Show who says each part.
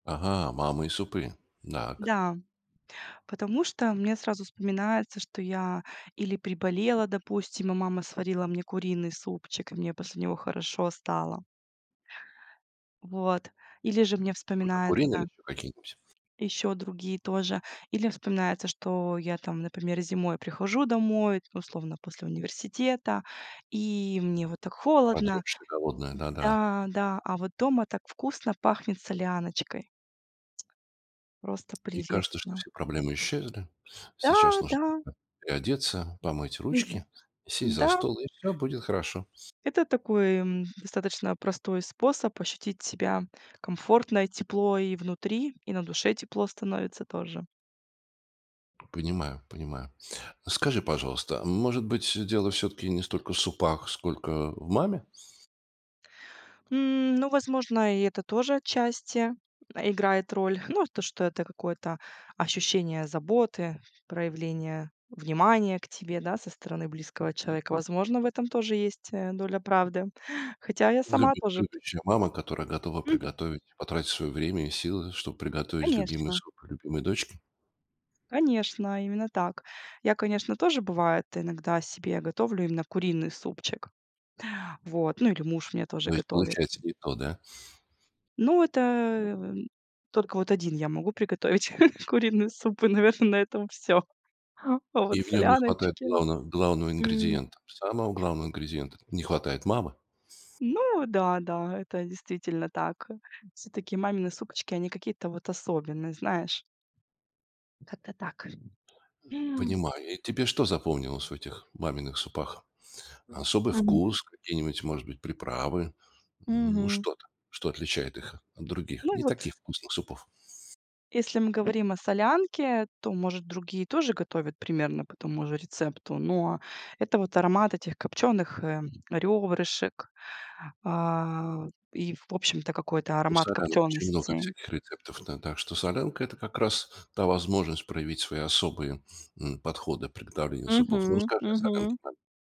Speaker 1: Ага, мамы и супы. Дак
Speaker 2: Да. Потому что мне сразу вспоминается, что я или приболела, допустим, и мама сварила мне куриный супчик, и мне после него хорошо стало. Вот. Или же мне
Speaker 1: Только курение или
Speaker 2: вспоминается
Speaker 1: ещё какие-нибудь?
Speaker 2: ещё другие тоже, или вспоминается, что я там, например, зимой прихожу домой условно после университета, и мне вот так холодно
Speaker 1: Продрогшая голодная, да да.
Speaker 2: Да, да, а вот дома так вкусно пахнет соляночкой. Просто
Speaker 1: И кажется, что
Speaker 2: прелестно.
Speaker 1: все проблемы исчезли.
Speaker 2: Да,
Speaker 1: Сейчас нужно
Speaker 2: да.
Speaker 1: переодеться, помыть
Speaker 2: Мгм.
Speaker 1: ручки, и сесть за
Speaker 2: М-да.
Speaker 1: стол, и всё будет хорошо.
Speaker 2: Это такой, м, достаточно простой способ ощутить себя комфортно: и тепло и внутри, и на душе тепло становится тоже.
Speaker 1: Понимаю, понимаю. Скажи, пожалуйста, м может быть, дело всё-таки не столько в супах, сколько в маме?
Speaker 2: Ну, возможно, и это тоже отчасти, э, играет роль. Ну, э, то, что это какое-то ощущение заботы, проявление внимания к тебе, да, со стороны близкого человека. Возможно, в этом тоже есть, э, доля правды. Хотя я сама
Speaker 1: Люби
Speaker 2: тоже
Speaker 1: любящая мама, которая готова
Speaker 2: М.
Speaker 1: приготовить и потратить свое время и силы, чтоб приготовить любимый
Speaker 2: Конечно.
Speaker 1: суп для любимой дочки?
Speaker 2: Конечно, именно так. Я, конечно, тоже бывает иногда себе готовлю именно куриный супчик. Вот, ну или муж мне тоже
Speaker 1: То есть
Speaker 2: готовит.
Speaker 1: получается не то, да?
Speaker 2: Ну это, м, только вот один я могу приготовить куриный суп, и, наверно, на этом всё. А вот
Speaker 1: И в нём не хватает
Speaker 2: соляночки.
Speaker 1: главно главного
Speaker 2: М.
Speaker 1: ингредиента. Самого главного ингредиента, это не хватает мамы.
Speaker 2: Ну да, да, это действительно так, э, всё-таки мамины суочки, они какие-то вот особенные, знаешь. Как-то так
Speaker 1: Понимаю. И, э, тебе что запомнилось в этих маминых супах? Особый
Speaker 2: Мгм.
Speaker 1: вкус? Какие-нибудь, может быть, приправы? Ну
Speaker 2: Мгм.
Speaker 1: что-то, что отличает их от других,
Speaker 2: Ну и
Speaker 1: не
Speaker 2: вот
Speaker 1: таких вкусных супов?
Speaker 2: Если мы говорим о солянке, то, может, другие тоже готовят примерно по тому же рецепту, но это вот аромат этих копчёных, э, рёбрышек, а, и, в общем-то, какой-то
Speaker 1: У
Speaker 2: аромат
Speaker 1: солянок очень много
Speaker 2: копчёностей.
Speaker 1: всяких рецептов, да, так что солянка это как раз та возможность проявить свои особые, м, подходы приготовления супов. Ну
Speaker 2: Мгм,
Speaker 1: расскажи о солянке
Speaker 2: мгм.
Speaker 1: мамин